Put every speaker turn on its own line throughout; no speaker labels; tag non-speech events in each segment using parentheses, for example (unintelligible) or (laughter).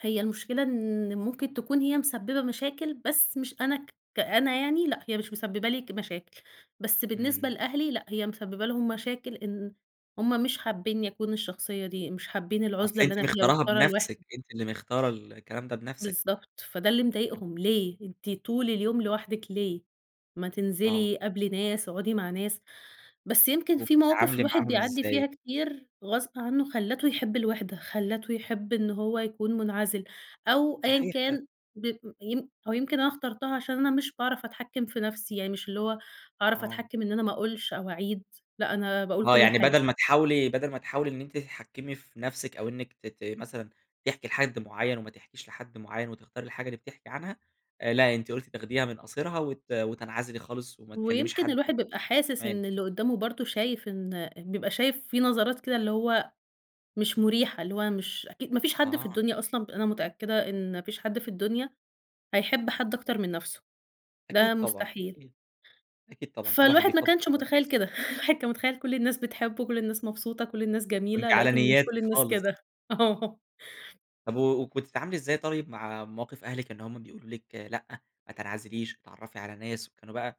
هي المشكلة إن ممكن تكون هي مسبّبة مشاكل بس مش أنا ك كأنا يعني لأ، هي مش مسبّب لي ك مشاكل. بس بالنسبة
إمم.
لأهلي لأ، هي مسبّبة لهم مشاكل إن هم مش حابّينّي أكون الشخصية دي، مش حابّين
أصل
العُزلة اللي
أنتِ
أنا فيها
مختاراها
مختارة
بنفسِك،
الوِحدة
أنتِ اللي مختارة الكلام ده بنفسِك.
بالضبط. فده اللي
إمم.
مضايقهم ليه؟ أنتِ طول اليوم لوحدِك ليه؟ ما
آه.
تنزلي قابلي ناس، اقعُدي مع ناس. بس يمكن في مواقف
وبتتعاملي
الواحد
معاهم
بيعدّي
إزاي؟
فيها كتير غصب عنّه خلّته يحب الوِحدة، خلّته يحب إنه هو يكون مُنعَزِل، أو أيًا
صحيح ح
كان ب يم أو يمكن أنا اخترتها عشان أنا مش باعرف أتحكّم في نفسي. يعني مش اللي هو أعرف
آه.
أتحكّم إن أنا ما أقولش أو أعيد، لأ أنا باقول
آه.
كل
يعني
حاجة.
بَدَل ما تحاولي بَدَل ما تحاولي إن أنتِ تتحكّمي في نفسِك أو إنِّك ت ت مثلًا تحكي لحد معيّن وما تحكيش لحد معيّن، وتختاري الحاجة اللي بتحكي عنها آآ لأ، أنتِ قُلتِ تاخديها من قاصرها وت وتنعزلي خالص وما تكلّميش
ويمكن
حد
الواحد بيبقى حاسس
(unintelligible)
إن اللي قُدّامه برضه شايف إن بيبقى شايف في نظرات كده اللي هو مش مُريحة، اللي هو مش أكي ما فيش حد في
آه.
الدنيا أصلًا ب أنا متأكدة إن ما فيش حد في الدنيا هيحب حد أكتر من نفسه ده
أكيد طبعًا،
مستحيل.
أكيد. أكيد طبعًا. كل واحد
فالواحد ما
بيفضّل
كانش مُتخيّل
(unintelligible)
كده. الواحد كان مُتخيّل كل الناس بتحبّه، كل الناس مبسوطة، كل الناس
وأنتِ
جميلة
على
لقيت إن مش
نيّاتِك
كل الناس
خالص.
كده. آه.
طب و وكنتِ بتتعاملي إزاي طيب مع مواقف أهلِك إن هم بيقولوا لِك لأ، ما تنعزليش، اتعرّفي على ناس وكانوا بقى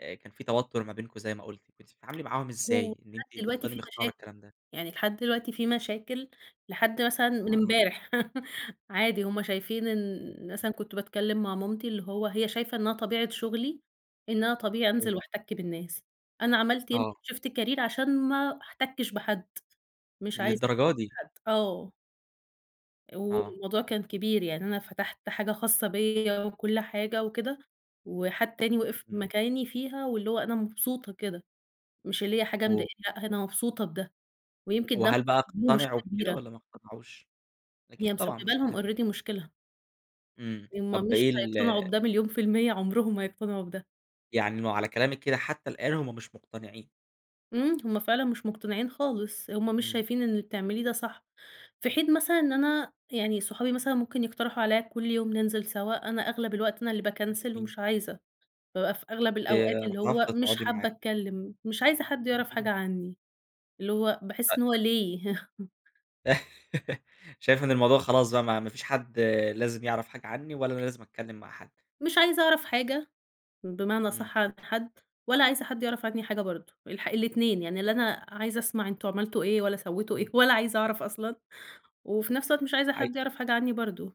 أ كان في توتُّر ما بينكم زي ما قُلتِ. كنتِ بتتعاملي معاهم
هو
إزاي إن
لحد
أنتِ
دلوقتي
تفضلي
في
مختارة
مشاكل.
الكلام ده؟
يعني لحد دلوقتي في مشاكل لحد مثلًا من
آه.
امبارح. (laughs) عادي هم شايفين إن مثلًا كنت باتكلّم مع مامتي اللي هو هي شايفة إنّها طبيعة شغلي إن أنا طبيعي
أيوه.
أنزل وأحتَك بالناس. أنا عملت يمكن
آه.
شيفت كارير عشان ما أحتكِّش بحد، مش عايزة أحت
للدرجة دي!
بحد آه.
آه.
والموضوع كان كبير. يعني أنا فتحت حاجة خاصة بيّا وكل حاجة وكده، وحد تاني وقف
إمم.
بمكاني فيها واللي هو أنا مبسوطة كده، مش اللي هي حاجة مضايقاني
و
لأ، أنا مبسوطة بده ويمكن ده
وهل بقى
(unintelligible) لي
اقتنعوا
مشكلة
بكده
كبيرة.
والّا ما اقتنعوش؟
هي
أكيد طبعًا
مسبّبة
مشكلة.
لهم already مشكلة.
إمم.
هم
طب
مش
إيه ال
هيقتنعوا بده مليون في المِيّة، عمرهم ما هيقتنعوا بده.
يعني إنه على كلامِك كده حتّى الآن هم مش مُقتنعين.
إمم. هم فعلًا مش مُقتنعين خالص، هم مش
إمم.
شايفين إن اللي بتعمليه ده صح. في حين مثلًا إن أنا يعني صحابي مثلًا ممكن يقترحوا عليّا كل يوم ننزل سَوا، أنا أغلب الوقت أنا اللي باكنسل
جميل.
ومش عايزة. بابقى في أغلب الأوقات
آآ
اللي هو
رافضة
مش
تقعدي
حابة
معاها.
أتكلّم، مش عايزة حد يعرف حاجة
(unintelligible)
عنّي، اللي هو
أ
باحس إن هو ليه؟ (chuckles)
(laughs) شايفة إن الموضوع خلاص بقى ما ما فيش حد لازم يعرف حاجة عنّي، ولا أنا لازم أتكلّم مع حد.
مش عايزة أعرف حاجة، بمعنى
إمم.
أصح عن حد ولا عايزة حد يعرف عنّي حاجة برضه، الح الاتنين. يعني لا أنا عايزة أسمع إن أنتم عملتوا إيه ولا سوّيتوا إيه
إمم.
ولا عايزة أعرف أصلًا وفي نفس الوقت مش عايزة
عاي
حد يعرف حاجة عنّي برضه.